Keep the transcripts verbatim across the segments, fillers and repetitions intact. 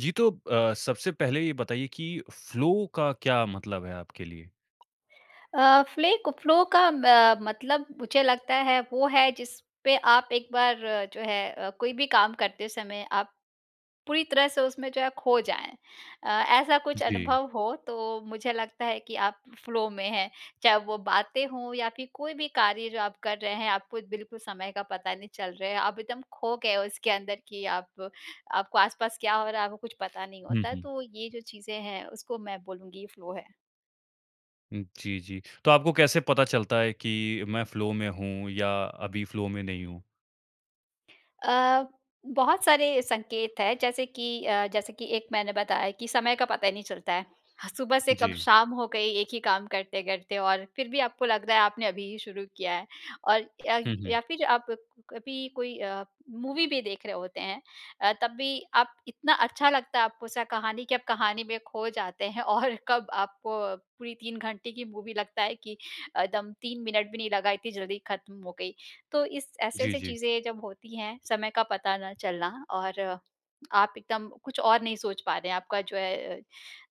जी, तो अ, सबसे पहले ये बताइए कि फ़्लो का क्या मतलब है आपके लिए? अ, फ़्ले को फ़्लो का अ, मतलब मुझे लगता है वो है, जिस पे आप एक बार जो है अ, कोई भी काम करते समय आप, पूरी तरह से उसमें जो है खो जाएँ। अ, ऐसा कुछ जी। अनुभव हो तो मुझे लगता है कि आप फ़्लो में हैं। चाहे वो बातें हों या फिर कोई भी कार्य जो आप कर रहे हैं, आपको बिल्कुल समय का पता नहीं चल रहे है। आप एकदम खो गए हो इसके अंदर कि आप आपको आस-पास क्या हो रहा है, आपको कुछ पता नहीं हुँ, होता। हुँ। तो ये जो चीज़ें हैं, उसको मैं बोलूँगी फ़्लो है। उ, जी, जी, तो आपको कैसे पता चलता है कि मैं फ़्लो में हूँ या अभी फ़्लो में नहीं हूँ? अ, बहुत सारे संकेत हैं जैसे कि अ, जैसे कि एक मैंने बताया कि समय का पता ही नहीं चलता है। ह सुबह से कब जी। शाम हो गई एक ही काम करते-करते और फिर भी आपको लग रहा है आपने अभी ही शुरू किया है। और या ग हुँ, हुँ। या फिर आप कभी कोई अ, मूवी भी देख रहे होते हैं अ, तब भी आप इतना अच्छा लगता है आपको उसका कहानी कि आप कहानी में खो जाते हैं और कब आपको पूरी तीन घंटे की मूवी लगता है कि एकदम तीन मिनट भी नहीं लगा, इतनी जल्दी ख़त्म हो गई। तो इस जी, ऐसी-ऐसी जी। चीज़ें जब होती हैं, समय का पता ना चलना और, आप एकदम कुछ और नहीं सोच पा रहे हैं, आपका जो है अ,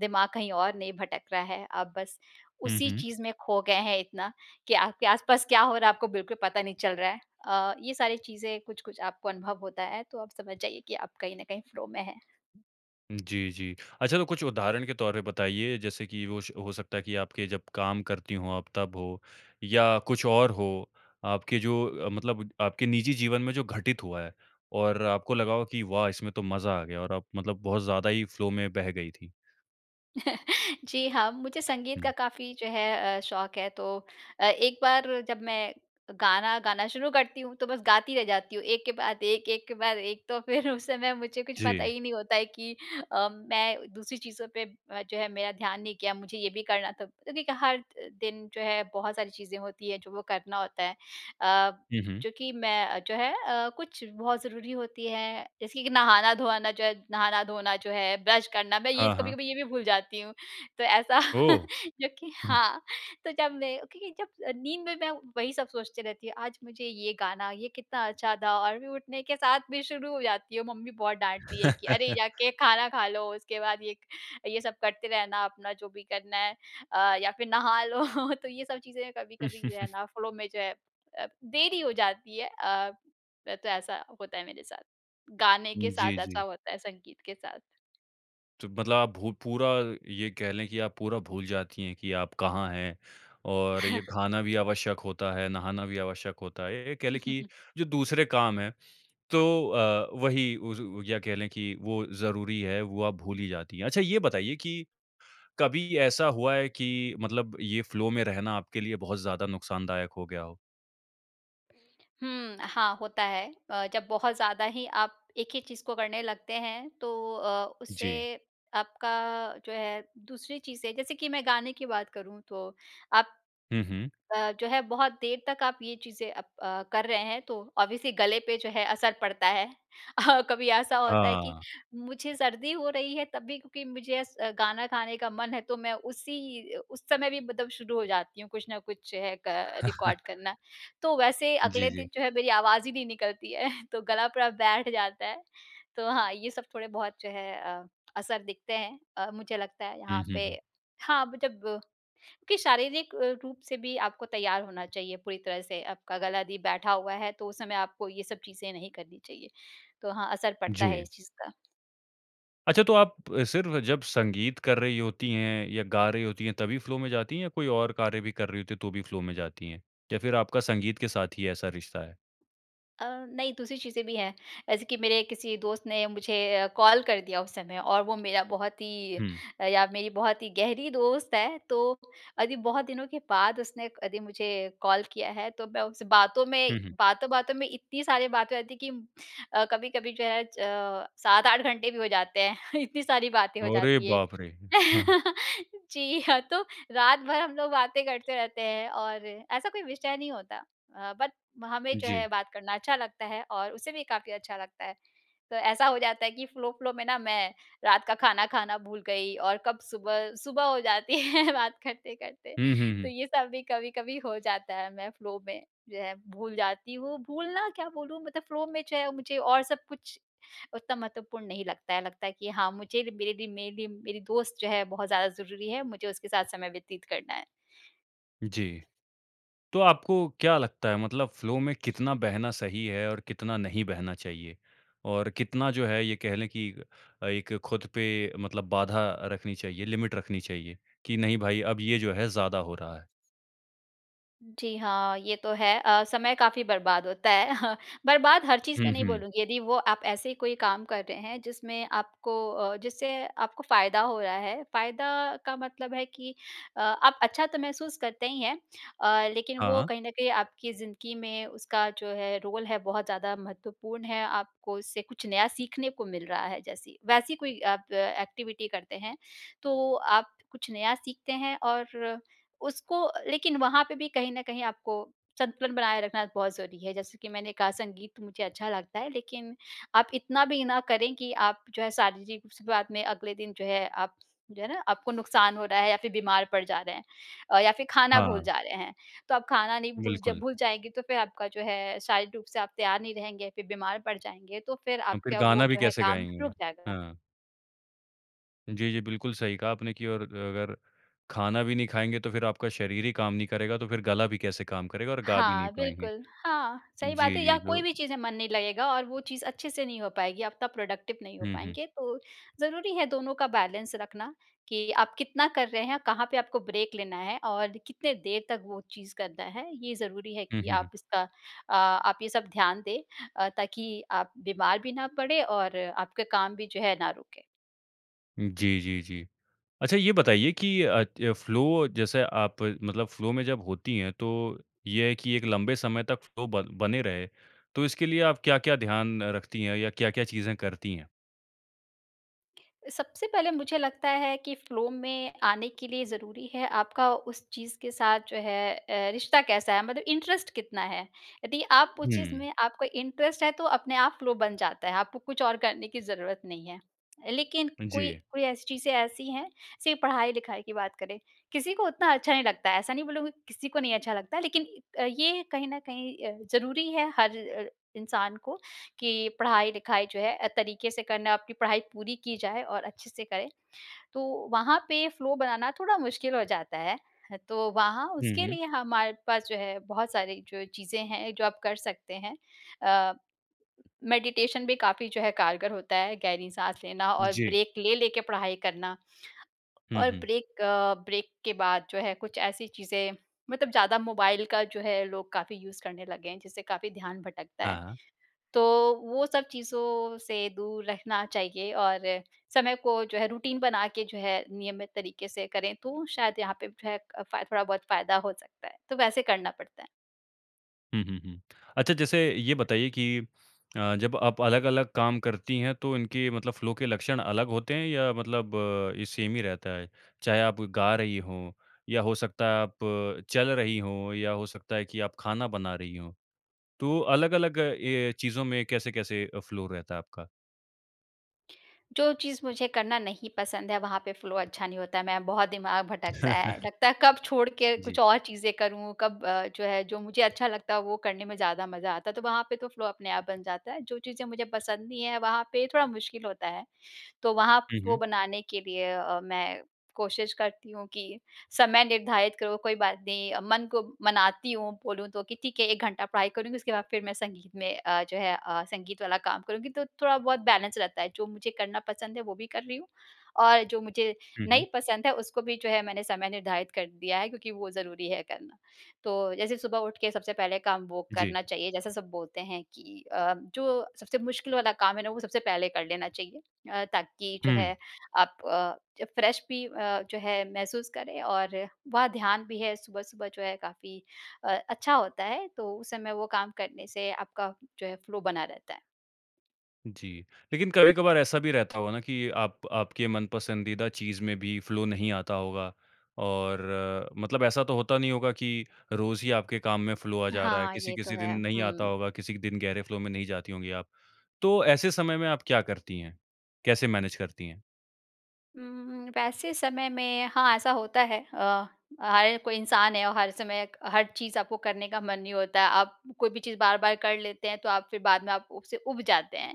दिमाग कहीं और नहीं भटक रहा है। आप बस हुँ, उसी हुँ। चीज़ में खो गए हैं इतना, कि आपके आस-पास क्या हो रहा है आपको बिल्कुल पता नहीं चल रहा है। अ, ये सारी चीज़ें कुछ-कुछ आपको अनुभव होता है तो आप समझ जाइए कि आप कहीं न कहीं फ़्लो में हैं। जी, जी। अच्छा तो कुछ उदाहरण के तौर पे बताइए जैसे कि होश हो सकता है कि आपके जब काम करती हो आप तब हो या कुछ और हो। आपके जो अ, मतलब आपके निजी जीवन में जो घटित हुआ है, और आपको लगा हो कि "वाह! इसमें तो मज़ा आ गया।" और आप मतलब बहुत ज़्यादा ही फ़्लो में बह गई थी? जी, हाँ। मुझे संगीत का हुँ। काफ़ी जो है अ, शौक़ है। तो अ, एक बार जब मैं गाना गाना शुरू करती हूँ, तो बस गाती रह जाती हूँ, एक के बाद, एक के बाद एक। तो फ़िर उस समय मुझे कुछ पता जी। ही नहीं होता है कि अ, मैं दूसरी चीज़ों पे अ, जो है मेरा ध्यान नहीं गया, मुझे ये भी करना था, क्योंकि क हर द दिन जो है बहुत सारी चीज़ें होती हैं, जो वो करना होता है। अ, हुँ, हुँ। जो कि मैं जो है अ, कुछ बहुत ज़रूरी होती हैं, जैसे कि नहाना-धोआना जो है नहाना-धोना जो है, ब्रश करना, मैं ये हाँ, हाँ। कभी-कभी ये भी भूल जाती हूँ। तो ऐसा ओह! जो कि हुँ। हाँ, तो जब मैं क्योंकि जब नींद में मैं वही सब सोचती रहते हूँ, आज मुझे ये गाना, ये कितना अच्छा था, और मैं उठने के साथ भी शुरू हो जाती हूँ। मम्मी बहुत डाँटती है कि, "अरे, जा के खाना खा लो, उसके बाद ये क ये सब करते रहना, अपना जो भी करना है अ, या फ़िर नहा लो।" तो ये सब चीज़ें कभी-कभी जो है ना फ़्लो में जो है अ, देरी हो जाती है। अ, त तो ऐसा होता है मेरे साथ, गाने उ, के साथ जी, ऐसा जी। होता है, संगीत के साथ। तो मतलब आप भू पूरा ये कह लें कि आप पूरा भूल जाती हैं कि आप कहाँ हैं, और ये खाना भी आवश्यक होता है, नहाना भी आवश्यक होता है। ये ये कह लें कि जो दूसरे काम हैं, तो अ, वही उस उ या कह लें कि वो ज़रूरी है, वो आप भूल ही जाती हैं। अच्छा ये बताइए कि, कभी ऐसा हुआ है कि मतलब ये फ़्लो में रहना आपके लिए बहुत ज़्यादा नुक़सान दायक हो गया हो? हुँ, हाँ होता है। अ, जब बहुत ज़्यादा ही आप एक ही चीज़ को करने लगते हैं तो अ, जी। उससे आपका जो है दूसरी चीज़ से जैसे कि मैं गाने की बात करूँ तो आप हुँ, हुँ। अ, जो है बहुत देर तक आप ये चीज़ें अप अ, कर रहे हैं तो ऑब्वियसली गले पे जो है असर पड़ता है। अ, कभी ऐसा होता है कि हाँ। मुझे सर्दी हो रही है तब भी क्योंकि मुझे एस गाना गाने का मन है तो मैं उसी अ, उस समय भी मतलब शुरू हो जाती हूँ कुछ न कुछ है क रिकॉर्ड करना। तो वैसे जी, अगले जी। दिन जो है मेरी आवाज़ ही नहीं निकलती है तो गला पूरा बैठ जाता है। तो हाँ, ये सब थोड़े-बहुत जो है अ, असर दिखते हैं अ, मुझे लगता है हुँ, यहाँ हुँ, पे। हुँ। हाँ, ब जब कि शारीरिक अ, रूप से भी आपको तैयार होना चाहिए पूरी तरह से आपका गला दी बैठा हुआ है तो उस समय आपको ये सब चीज़ें नहीं करनी चाहिए, तो हाँ, असर पड़ता है जी। इस चीज़ का। अच्छा तो आप सिर्फ़ जब संगीत कर रही होती हैं या गा रही होती है तभी फ़्लो में जाती हैं या कोई और कार्य भी कर रही होती है तो भी फ़्लो में जाती हैं? या फ़िर आपका संगीत के साथ ही ऐसा रिश्ता है? अ, नहीं दूसरी चीज़ें भी हैं। ऐसे कि मेरे किसी दोस्त ने मुझे अ, कॉल कर दिया उस समय और वो मेरा बहुत ही हुँ। अ, या मेरी बहुत ही गहरी दोस्त है तो अदी बहुत दिनों के बाद उसने अदी मुझे कॉल किया है तो मैं उससे बातों में हुँ, हुँ। बातों-बातों में इतनी सारी बातें हो जाती कि अ, कभी-कभी जो है च सात आठ घंटे भी हो जाते हैं इतनी सारी बातें हो अरे जाती है। बाप रे! जी, हाँ तो रात भर हम लोग बातें करते रहते हैं और ऐसा कोई विषय नहीं होता अ, बट हमें जो जी। है बात करना अच्छा लगता है और उसे भी काफ़ी अच्छा लगता है। तो ऐसा हो जाता है कि फ़्लो-फ़्लो में ना मैं रात का खाना खाना भूल गई और कब सुबह सुबह हो जाती है बात करते-करते। हुँ, हुँ, तो हुँ। ये सब भी कभी-कभी हो जाता है मैं फ़्लो में जो है भूल जाती हूँ। भूलना क्या बोलूँ मतलब फ़्लो में जो है मुझे और सब कुछ उतना महत्वपूर्ण नहीं लगता है। लगता है कि हाँ, मुझे र मेरे लिए मे लिए मेरी दोस्त जो है बहुत ज़्यादा ज़रूरी है। मुझे उसके साथ समय व्यतीत करना है। जी। तो आपको क्या लगता है मतलब फ़्लो में कितना बहना सही है और कितना नहीं बहना चाहिए? और कितना जो है ये कह लें कि अ, एक खुद पे मतलब बाधा रखनी चाहिए, लिमिट रखनी चाहिए कि नहीं भाई अब ये जो है ज़्यादा हो रहा है? जी, हाँ। ये तो है अ, समय काफ़ी बर्बाद होता है। बर्बाद हर चीज़ में हुँ, नहीं हुँ। बोलूँगी, यदि वो आप ऐसे ही कोई काम कर रहे हैं जिसमें आपको अ, जिससे आपको फ़ायदा हो रहा है। फ़ायदा का मतलब है कि अ, आप अच्छा तो महसूस करते ही हैं अ, लेकिन वो हाँ। कहीं न कहीं आपकी ज़िंदगी में उसका जो है रोल है, बहुत ज़्यादा महत्वपूर्ण है। आपको उससे कुछ नया सीखने को मिल रहा है जैसी। वैसी कोई आप एक्टिविटी करते हैं, तो आप कुछ नया सीखते हैं और उसको लेकिन वहाँ पे भी कहीं न कहीं आपको संतुलन बनाए रखना बहुत ज़रूरी है। जैसे कि मैंने कहा, संगीत मुझे अच्छा लगता है, लेकिन आप इतना भी ना करें कि आप जो है शारीरिक शुरुआत में अगले दिन जो है आप जो है ना आपको नुक़सान हो रहा है या फिर बीमार पड़ जा रहे हैं अ, या फिर खाना भूल हाँ। जा रहे हैं। तो आप खाना नहीं भूल जब बिल्कुल। भूल जाएँगे तो फिर आपका जो है शारीरिक रूप से आप तैयार नहीं रहेंगे, फिर बीमार पड़ जाएँगे, तो फिर हम फिर आपका वो गाना भी जो है कैसे काम गाएँगे। रुक जाएगा। हाँ। जी, जी। बिल्कुल सही कहा आपने कि और ग अगर खाना भी नहीं खाएँगे, तो फिर आपका शरीर ही काम नहीं करेगा, तो फिर गला भी कैसे काम करेगा और गा भी नहीं हाँ, पाएँगे। बिल्कुल। हाँ, सही बात जी, है, या जी, कोई जो भी चीज़ में मन नहीं लगेगा और वो चीज़ अच्छे से नहीं हो पाएगी, आप तब एक्टिविटी नहीं हो हुँ, हुँ। पाएँगे। तो ज़रूरी है दोनों का बैलेंस रखना कि आप कितना कर रहे हैं, कहाँ पे आपको ब्रेक लेना है, और कितने देर तक वो चीज़ करना है। ये ज़रूरी है हुँ, कि हुँ, आप हुँ। इसका अ, आप ये सब ध्यान दें अ, ताकि आप बीमार भी ना पड़े और आपके काम भी जो है ना रुके। जी, जी, जी। अच्छा ये बताइए कि अ, त फ़्लो जैसे आप मतलब फ़्लो में जब होती हैं तो ये है कि एक लंबे समय तक फ़्लो बन बने रहे। तो इसके लिए आप क्या-क्या ध्यान रखती हैं? या क्या-क्या चीजें करती हैं? सबसे पहले मुझे लगता है कि फ़्लो में आने के लिए ज़रूरी है आपका उस चीज़ के साथ जो है ए, रिश्ता कैसा है? मतलब इंटरेस्ट कितना है? यदि आप उस चीज़ हुँ। में आपको इंटरेस्ट है तो अपने आप फ़्लो बन जाता है। आपको कुछ और करने की ज़रूरत नहीं है। लेकिन कोई जी। कोई ऐसी चीज़ें ऐसी हैं सिर्फ़ पढ़ाई-लिखाई की बात करें किसी को उतना अच्छा नहीं लगता। ऐसा नहीं बोलूँगी किसी को नहीं अच्छा लगता लेकिन इ अ, ये कहीं न कहीं अ, ज़रूरी है हर र इंसान को कि पढ़ाई-लिखाई जो है अ, तरीके से करना आपकी पढ़ाई पूरी की जाए और अच्छे से करें। तो वहाँ पे फ़्लो बनाना थोड़ा मुश्किल हो जाता है। ह तो वहाँ हुँ, उसके हुँ। लिए हमारे पास जो है बहुत सारी जो चीज़ें हैं जो आप कर सकते हैं। अ, मेडिटेशन भी काफ़ी जो है कारगर होता है गहरी साँस लेना और जी। ब्रेक ले लेके पढ़ाई करना। हुँ, और हुँ। ब्रेक अ, ब्रेक के बाद जो है कुछ ऐसी चीज़ें मतलब ज़्यादा मोबाइल का जो है लोग काफ़ी यूज़ करने लगे हैं जिससे काफ़ी ध्यान भटकता है। हाँ। तो वो सब चीज़ों से दूर रहना चाहिए और समय को जो है रूटीन बना के जो है नियमित तरीके से करें तो शायद यहाँ पे जो है एक अ, फा थोड़ा बहुत फ़ायदा हो सकता है। तो वैसे करना पड़ता है। हुँ, हुँ, हुँ। अच्छा जैसे ये बताइए कि अ, जब आप अलग-अलग काम करती है तो इनके मतलब फ्लो के लक्षण अलग होते हैं या मतलब ये सेम ही रहता है? चाहे आप गा रही हो, या हो सकता है आप चल रही हो, या हो सकता है कि आप खाना बना रही हो। तो अलग-अलग ये चीज़ों में कैसे-कैसे अ, फ्लो रहता है आपका? जो चीज़ मुझे करना नहीं पसंद है वहाँ पे फ्लो अच्छा नहीं होता है, मैं बहुत दिमाग भटकता है। लगता है कब छोड़ के कुछ जी। और चीज़ें करूँ, कब अ, जो है जो मुझे अच्छा लगता है वो करने में ज़्यादा मज़ा आता है। तो वहाँ पे तो फ्लो अपने आप बन जाता है जो चीज़ें मुझे पसंद नहीं है वहाँ पे थोड़ा मुश्किल होता है। तो वहाँ प हुँ, वो हुँ। बनाने के लिए अ, मैं कोशिश करती हूँ कि समय निर्धारित करूँ कोई बात नहीं, मन को मनाती हूँ बोलूँ तो कि ठीक है एक घंटा पढ़ाई करूँगी उसके बाद फिर मैं संगीत में अ, जो है अ, संगीत वाला काम करूँगी तो थोड़ा बहुत बैलेंस रहता है, जो मुझे करना पसंद है वो भी कर रही हूँ, और जो मुझे हुँ, हुँ। नहीं पसंद है उसको भी जो है मैंने समय निर्धारित कर दिया है क्योंकि वो ज़रूरी है करना। तो जैसे सुबह उठ के सबसे पहले काम वो जी। करना चाहिए जैसे सब बोलते हैं कि अ, जो सबसे मुश्किल वाला काम है ना वो सबसे पहले कर लेना चाहिए। अ, ताकि जो हुँ। है आप अ, जब फ्रेश भी अ जो है महसूस करें और वह ध्यान भी है सुबह-सुबह जो है काफ़ी अ, अच्छा होता है, तो उस समय वो काम करने से आपका जो है फ्लो बना रहता है। जी। लेकिन कभी-कभार ऐसा भी रहता होगा ना कि आप आपके मनपसंदीदा चीज़ में भी फ़्लो नहीं आता होगा। और, मतलब ऐसा तो होता नहीं होगा की रोज़ ही आपके काम में फ़्लो आ जा रहा है, हाँ, ये तो किसी-किसी दिन है। नहीं आता हुँ। होगा, किसी दिन गहरे फ़्लो में नहीं जाती होंगी आप। तो ऐसे समय में आप क्या करती हैं? कैसे मैनेज करती हैं? हुँ, हुँ। वैसे समय में हाँ, ऐसा होता है। अ, हर कोई इंसान है और हर समय क हर चीज़ आपको करने का मन नहीं होता। आप कोई भी चीज़ बार-बार कर लेते हैं, तो आप फिर बाद में आप उससे ऊब जाते हैं।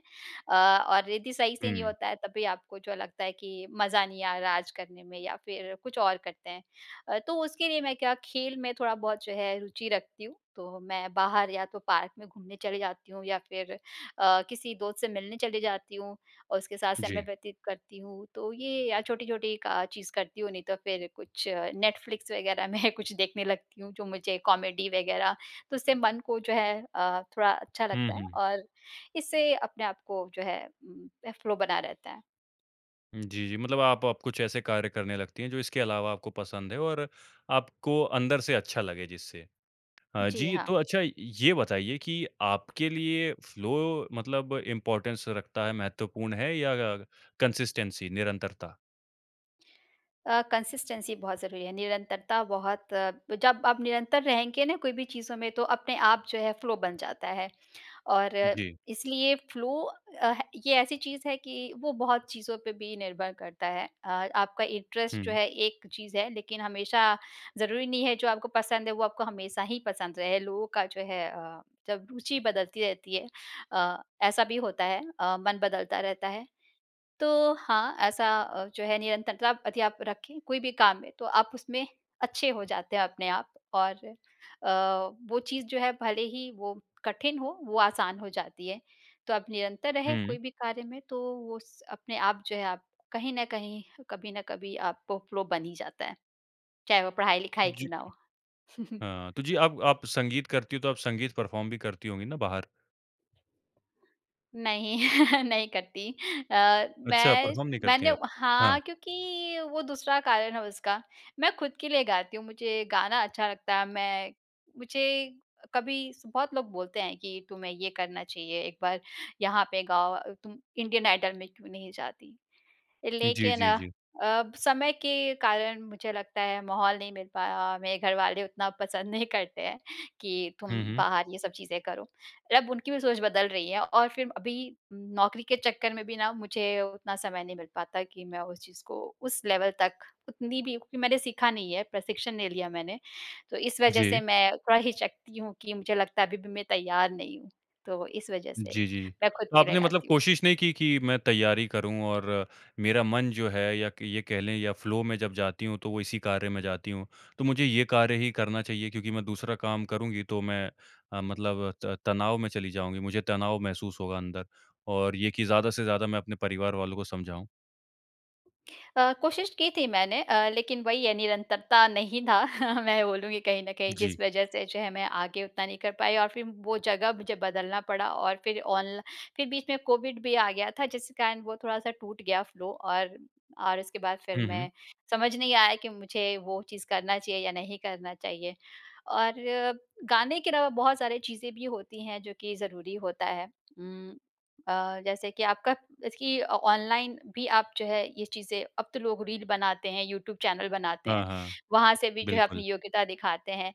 अ, और यदि सही से नहीं हुँ। होता है, तब भी आपको जो लगता है कि मज़ा नहीं आ रहा आज करने में, या फिर कुछ और करते हैं। अ, तो उसके लिए मैं क्या खेल में थोड़ा बहुत जो है रुचि रखती हूँ, तो मैं बाहर या तो पार्क में घूमने चली जाती हूँ, या फिर अ, किसी दोस्त से मिलने चली जाती हूँ और उसके साथ समय जी। व्यतीत करती हूँ। तो ये अ, छोटी-छोटी का चीज़ करती हूँ, नहीं तो फिर कुछ नेटफ्लिक्स वग़ैरह में कुछ देखने लगती हूँ, जो मुझे कॉमेडी वग़ैरह। तो उससे मन को जो है अ, थोड़ा अच्छा हुँ, लगता है हुँ। और इससे अपने आप को जो है म फ़्लो बना रहता है। उ, जी, जी। मतलब आप आप कुछ ऐसे कार्य करने लगती हैं जो इसके अलावा आपको पसंद है, और आपको अंदर से अच्छा लगे जिससे। अ, जी, जी, हाँ। तो अच्छा ये बताइए कि आपके लिए फ़्लो मतलब इम्पोर्टेंस रखता है महत्वपूर्ण है, या अग अग कंसिस्टेंसी, निरंतरता? अ, कंसिस्टेंसी बहुत ज़रूरी है। निरंतरता बहुत जब आप निरंतर रहेंगे ना कोई भी चीज़ों में, तो अपने आप जो है फ़्लो बन जाता है। और जी। इसलिए फ़्लो अ, है ये ऐसी चीज़ है कि वो बहुत चीज़ों पे भी निर्भर करता है। अ, आपका इंटरेस्ट जो हुँ। है एक चीज़ है, लेकिन हमेशा ज़रूरी नहीं है जो आपको पसंद है, वो आपको हमेशा ही पसंद रहे। लोगों का जो है अ, जब रुचि बदलती रहती है अ, ऐसा भी होता है अ, मन बदलता रहता है। तो हाँ, ऐसा अ, जो है निरंतरता यदि आप रखें कोई भी काम में, तो आप उसमें अच्छे हो जाते हैं अपने आप, और अ, वो चीज़ जो है भले ही वो कठिन हो, वो आसान हो जाती है। तो आप निरंतर रहें कोई हुँ। भी कार्य में, तो वो स अपने आप जो है आप कहीं न कहीं, कभी न कभी आपको फ़्लो बन ही जाता है, चाहे वो पढ़ाई-लिखाई क्यों जी। ना हो। हाँ। तो जी, आप आप संगीत करती हो, तो आप संगीत परफ़ॉर्म भी करती होंगी ना बाहर? नहीं, नहीं करती। अ, अच्छा, मैं परफ़ॉर्म नहीं करती मैंने आप? हाँ, हाँ। क्योंकि वो दूसरा कारण है उसका, मैं खुद के लिए गाती हूँ, मुझे गाना अच्छा लगता है। मैं मुझे कभी स बहुत लोग बोलते हैं कि, "तुम्हें ये करना चाहिए, एक बार यहाँ पे गाओ अ, तुम इंडियन आइडल में क्यों नहीं जाती?" जी, लेकिन जी, अ जी। अ, ब समय के कारण मुझे लगता है, माहौल नहीं मिल पाया और मेरे घर वाले उतना पसंद नहीं करते हैं, कि तुम हुँ, हुँ। बाहर ये सब चीज़ें करो। र अब उनकी भी सोच बदल रही है और फिर अभी उम, नौकरी के चक्कर में भी ना, मुझे उतना समय नहीं मिल पाता, कि, मैं उस चीज़ को उस लेवल तक उतनी भी क्योंकि मैंने सीखा नहीं है, प्रशिक्षण नहीं लिया मैंने। तो इस वजह जी। से मैं थोड़ा हिचकती हूँ कि मुझे लगता है, अभी भी मैं तैयार नहीं हूँ। तो इस वजह जी, से जी, जी। मैं खुद तो के लिए आपने मतलब गाती हूँ। कोशिश नहीं की, कि मैं तैयारी करूँ और मेरा मन जो है या क ये कह लें या फ़्लो में जब जाती हूँ, तो वो इसी कार्य में जाती हूँ, तो मुझे ये कार्य ही करना चाहिए क्योंकि मैं दूसरा काम करूँगी तो मैं अ, मतलब त तनाव में चली जाऊँगी, मुझे तनाव महसूस होगा अंदर। और ये कि, ज़्यादा से ज़्यादा मैं अपने परिवार वालों को समझाऊँ? अ, कोशिश की थी मैंने अ, लेकिन वहीं ये निरंतरता नहीं था मैं बोलूँगी कहीं न कहीं जिस जी। वज़ह से जो है मैं आगे उतना नहीं कर पाई और फ़िर वो जगह मुझे बदलना पड़ा और फ़िर ऑनल फ़िर बीच में कोविड भी आ गया था जिसके कारण वो थोड़ा-सा टूट गया फ़्लो और, और उसके बाद फ़िर हुँ, मैं हुँ। समझ नहीं आया कि मुझे वो चीज़ करना चाहिए या नहीं करना चाहिए और गाने के अलावा बहुत सारी चीज़ें भी होती हैं जो कि ज़रूरी होता है उम, अ, जैसे कि आपका इसकी अ, ऑनलाइन भी आप जो है ये चीज़ें अब तो लोग रील बनाते हैं यूट्यूब चैनल बनाते हैं। हाँ, हाँ। वहाँ से भी जो है अपनी बिल्कुल। योग्यता दिखाते हैं।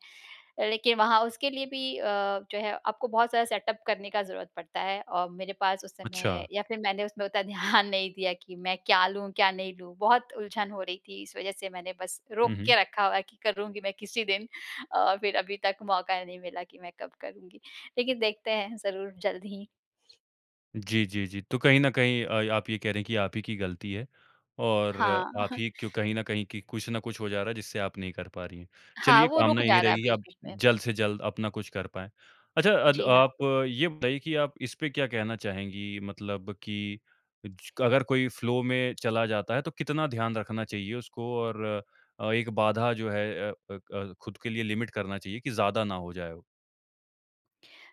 अ, लेकिन वहाँ उसके लिए भी अ, जो है आपको बहुत सारा सेटअप करने का ज़रूरत पड़ता है और मेरे पास उस समय अच्छा। या फ़िर मैंने उसमें उतना ध्यान नहीं दिया कि मैं क्या लूँ क्या नहीं लूँ? बहुत उलझन हो रही थी इस वज़ह से मैंने बस हुँ, रोक हुँ। के रखा हुआ है कि करूँगी मैं किसी दिन और फ़िर अभी तक मौका नहीं मिला कि मैं कब करुँगी। लेकिन देखते हैं ज़रूर जल्द ही। जी, जी, जी। तो कहीं न कहीं अ, आप ये कह रहे हैं की आप ही की गलती है और हाँ। आप ही क्यूँ कहीं न कहीं कि कुछ न कुछ हो जा रहा है जिससे आप नहीं कर पा रही है। हाँ, चलिए वो कामना रुक यही जा रहा है रहेगी की आप बीच-बीच में। जल्द से जल्द अपना कुछ कर पाएँ। अच्छा अद जी, हाँ। आप ये बताइए कि आप इसपे क्या कहना चाहेंगी मतलब कि च अगर कोई फ़्लो में चला जाता है तो कितना ध्यान रखना चाहिए उसको और अ, एक बाधा जो है अ अ अ, खुद के लिए लिमिट करना चाहिए की ज़्यादा ना हो जाए अब?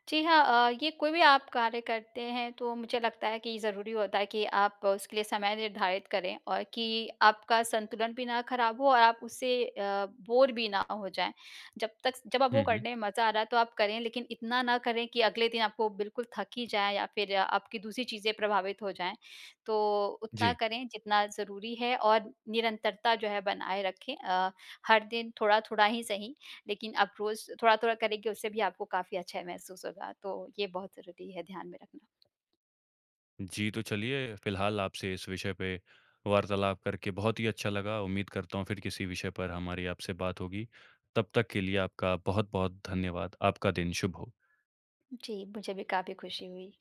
जी, हाँ। अ, ये कोई भी आप कार्य करते हैं तो मुझे लगता है कि ज़रूरी होता है कि आप उसके लिए समय निर्धारित करें और कि आपका संतुलन भी ना ख़राब हो और आप उससे अ, बोर भी ना अ, हो जाएँ। जब तक स जब आप वो हुँ, हुँ। करने में मज़ा आ रहा है तो आप करें लेकिन इतना ना करें कि अगले दिन आपको बिल्कुल थक ही जाए या फ़िर आपकी दूसरी चीज़ें प्रभावित हो जाएँ तो उतना जी। करें जितना ज़रूरी है और निरंतरता जो है बनाए रखें अ, हर दिन थोड़ा-थोड़ा ही सही लेकिन आप रोज़ थोड़ा-थोड़ा करेंगे उससे भी आपको काफ़ी अच्छा महसूस होगा तो ये बहुत ज़रूरी है ध्यान में रखना। जी। तो चलिए फ़िलहाल आपसे इस विषय पे वार्तालाप करके बहुत ही अच्छा लगा। उम्मीद करता हूँ फ़िर किसी विषय पर हमारी आपसे बात होगी। तब तक के लिए आपका बहुत-बहुत धन्यवाद। आपका दिन शुभ हो। जी। मुझे भी काफ़ी खुशी हुई।